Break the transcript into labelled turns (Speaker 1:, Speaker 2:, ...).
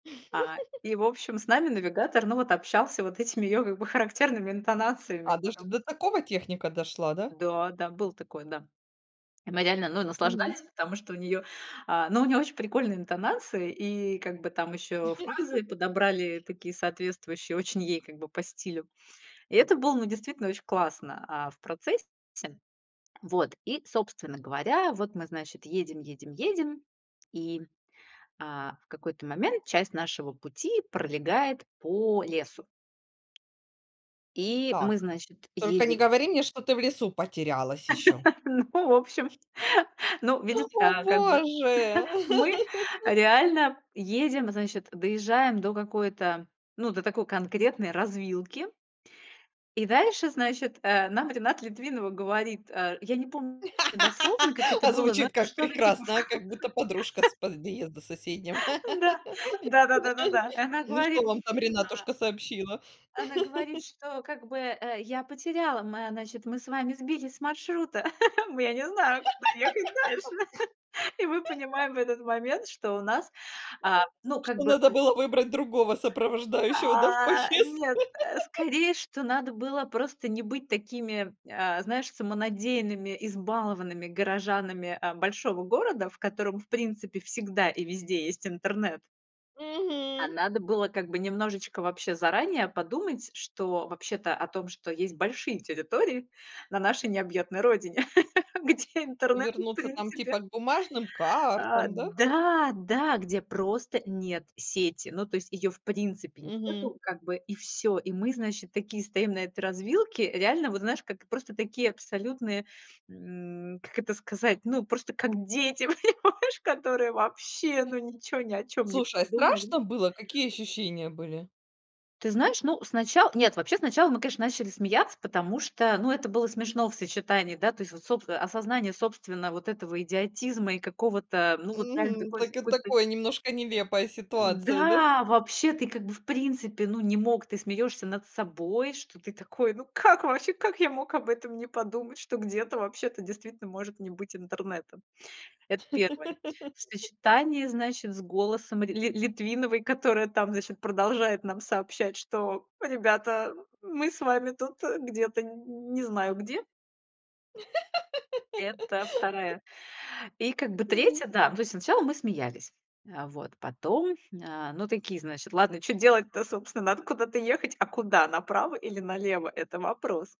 Speaker 1: А, и, в общем, с нами навигатор, ну вот общался вот этими её как бы характерными интонациями
Speaker 2: А, даже до
Speaker 1: потом.
Speaker 2: такого техника дошла, да?
Speaker 1: Да, да, было такое, да. И мы реально, ну,
Speaker 2: Мгм.
Speaker 1: наслаждались, потому что у неё, а, ну, у неё очень прикольные интонации, и как бы там ещё фразы подобрали такие соответствующие, очень ей как бы по стилю. И это было, ну, действительно очень классно, а, в процессе. Вот, и, собственно говоря, вот мы, значит, едем, едем, едем, и, м, а, в какой-то момент часть нашего пути пролегает по лесу и
Speaker 2: Так
Speaker 1: мы, значит,
Speaker 2: только не
Speaker 1: едем
Speaker 2: говори мне, что ты в лесу потерялась еще.
Speaker 1: Ну, в общем, ну видишь,
Speaker 2: Хл, о
Speaker 1: а, как бы
Speaker 2: боже.
Speaker 1: мы реально едем, значит, доезжаем до какой-то, ну, до такой конкретной развилки и дальше, значит, э, нам Рената Литвинова говорит, а, я не помню дословно, как это
Speaker 2: А
Speaker 1: было, но
Speaker 2: звучит
Speaker 1: это
Speaker 2: как
Speaker 1: что-то типа, в
Speaker 2: прекрасно, а
Speaker 1: конце.
Speaker 2: как будто подружка с подъезда соседнего.
Speaker 1: Н-да, да, да, да, да и она
Speaker 2: Ну что
Speaker 1: говорит,
Speaker 2: вам там
Speaker 1: а
Speaker 2: Ренатушка сообщила?
Speaker 1: Она говорит, что как бы, э, я потеряла, мы, значит, мы с вами сбились с маршрута, мы я не знаю, куда ехать дальше. И мы понимаем в этот момент, что у нас, а ну, как
Speaker 2: Что
Speaker 1: бы
Speaker 2: надо
Speaker 1: э, н
Speaker 2: было выбрать другого сопровождающего да в
Speaker 1: А,
Speaker 2: поездку?
Speaker 1: нет, э, скорее, что надо было просто не быть такими, а, знаешь, самонадеянными, избалованными горожанами, а, большого города, в котором, в принципе, всегда и везде есть интернет. А
Speaker 2: Мгм.
Speaker 1: надо было как бы немножечко вообще заранее подумать, что вообще-то о том, что есть большие территории на нашей необъятной родине, где интернет в
Speaker 2: Вернуться там,
Speaker 1: принципе
Speaker 2: типа, к бумажным
Speaker 1: а,
Speaker 2: картам, да?
Speaker 1: да, да, где просто нет сети. Ну, то есть её в принципе
Speaker 2: Мгм.
Speaker 1: нету как бы и всё. И мы, значит, такие стоим на этой развилке. Реально, вот знаешь, как просто такие абсолютные, м, как это сказать, ну, просто как дети, понимаешь, которые вообще, ну, ничего ни о чём не
Speaker 2: Слушай, а
Speaker 1: подумали.
Speaker 2: страшно было? Какие ощущения были?
Speaker 1: Ты знаешь, ну, снача нет, вообще сначала мы, конечно, начали смеяться, потому что, ну, это было смешно в сочетании, да, то есть вот соб а, осознание собственно вот этого идиотизма и какого-то, ну вот реально
Speaker 2: Мгм.
Speaker 1: такой с
Speaker 2: Так это
Speaker 1: какой-то.
Speaker 2: такое, немножко нелепая ситуация, да?
Speaker 1: Да, вообще ты как бы в принципе ну не мог, ты смеёшься над собой, что ты такой. Ну как вообще, как я мог об этом не подумать, что где-то вообще-то действительно может не быть интернета? Это 1. В сочетании, значит, с голосом рь Ли Литвиновой, которая там, значит, продолжает нам сообщать, что, ребята, мы с вами тут, э, где-то, нь не знаю, где. Это 2. И как бы
Speaker 2: Мгм.
Speaker 1: 3, да, ну то есть сначала мы смеялись, а вот, потом, а, ну такие, значит, ладно, чё делать-то, собственно, надо куда-то ехать, а куда направо или налево? Это вопрос.